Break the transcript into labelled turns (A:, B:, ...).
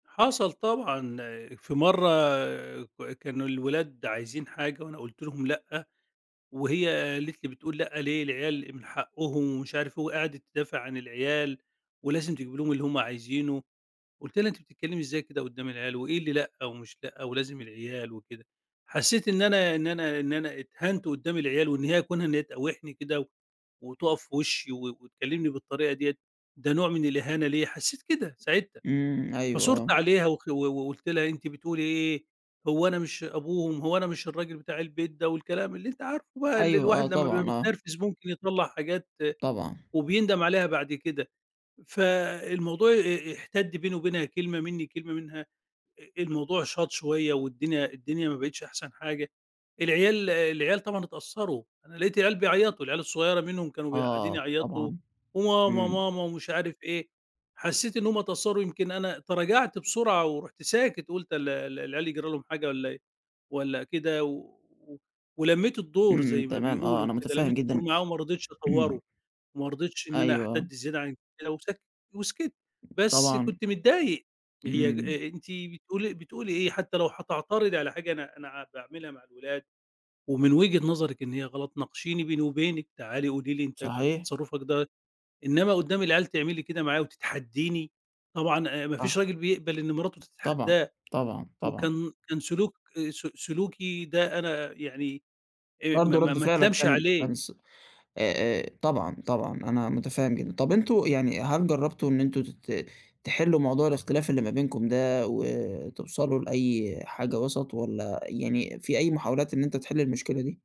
A: حصل طبعًا، في مرّة ك كانوا الولاد عايزين حاجة وأنا قُلت لهم لأ، وهي قالت لي بتقول لأ ليه؟ العيال من حقُّهم ومش عارف إيه وقعدِت تدافع عن العيال، ولازم تجيب لهم اللي هم عايزينُه، قُلت لها أنتِ بتتكلّمي إزاي كده قُدّام العيال، و إيه اللي لأ و مش لأ؟ ولازم العيال وكده؟ حسّيت إن أنا إن أنا إن أنا اتهنت قُدّام العيال، وإن هي كونها إن هي تقاوحني كده، وتُقف في وشّي و وتكلِّمني بالطريقة ديَّة، ده نوع من الإهانة ليَّ، حسّيت كده ساعتها،
B: إمم، أيوه،
A: فثُرت
B: آه.
A: عليها و و وقُلت لها أنتِ بتقولي إيه؟ هو أنا مش أبوهم، هو أنا مش الراجل بتاع البيت ده، والكلام اللي أنت عارفُه بقى اللي
B: أيوه آه
A: الواحد لما بيبقى
B: طبعًا، آه.
A: متنرفز ممكن يطلّع حاجات
B: طبعًا.
A: وبيندم عليها بعد كده، فالموضوع آآ، احتدّ بيني وبينها كلمة منّي كلمة منها، أ الموضوع شاط شويّة والدنيا الدنيا ما بقِتش أحسن حاجة، العيال العيال طبعًا اتأثّروا، أنا لقيت العيال بيعيّطوا العيال الصغيرة منهم كانوا م قاعدين
B: آه،
A: يعيّطوا
B: طبعًا،
A: وماما،
B: إمم.
A: ماما ومش عارف إيه، حسّيت إن هُم اتأثّروا يمكن أنا تراجعت بسرعة، ورُحت ساكت قُلت ال ال العيال يجرى لهم حاجة والَّا إيه والَّا كده، و ولمّيت
B: امم،
A: الدور
B: امم،
A: زي ما
B: تمام، آه،
A: بيقولوا
B: أنا
A: كده،
B: مُتفهّم
A: لمّيت الدور
B: جدًا
A: معاهم ما رضيتش
B: امم.
A: أطوّره، ما رضيتش إن أنا
B: أيوه، آه.
A: أحتدّ زيادة عن كده وسكَتّ وسكِتّ، بس
B: طبعًا.
A: كنت متضايق هي ج
B: إمم.
A: أنتِ بتقولي بتقولي إيه حتى لو هتعترضي على حاجة أنا أنا باعملها مع الولاد ومن وجهة نظرِك إن هي غلط، ناقشيني بيني وبينِك تعالي قولي لي أنت كنت
B: صحيح.
A: تصرُّفك ده إنّما قُدّام العيال تعملي كده معايا وتتحدّيني؟ طبعًا أ ما فيش
B: صح.
A: راجل بيقبل إن مراتُه
B: طبعًا،
A: تتحداه،
B: طبعًا، طبعًا.
A: وكان كان سلوك آآ، س سلوكي ده أنا يعني آآ، ما
B: برضه
A: ما
B: رد
A: ما
B: فعلك
A: أتلامش
B: كان
A: عليه.
B: كان ص آآ، آآ، طبعًا، طبعًا أنا مُتفهّم جدًا، طب أنتم يعني هل جرّبتوا إن أنتم تت تحلّوا موضوع الاختلاف اللي ما بينكم ده، و توصلوا لأي حاجة وَسَط، والَّا يعني في أي محاولات إن أنت تحلّ المشكلة دي؟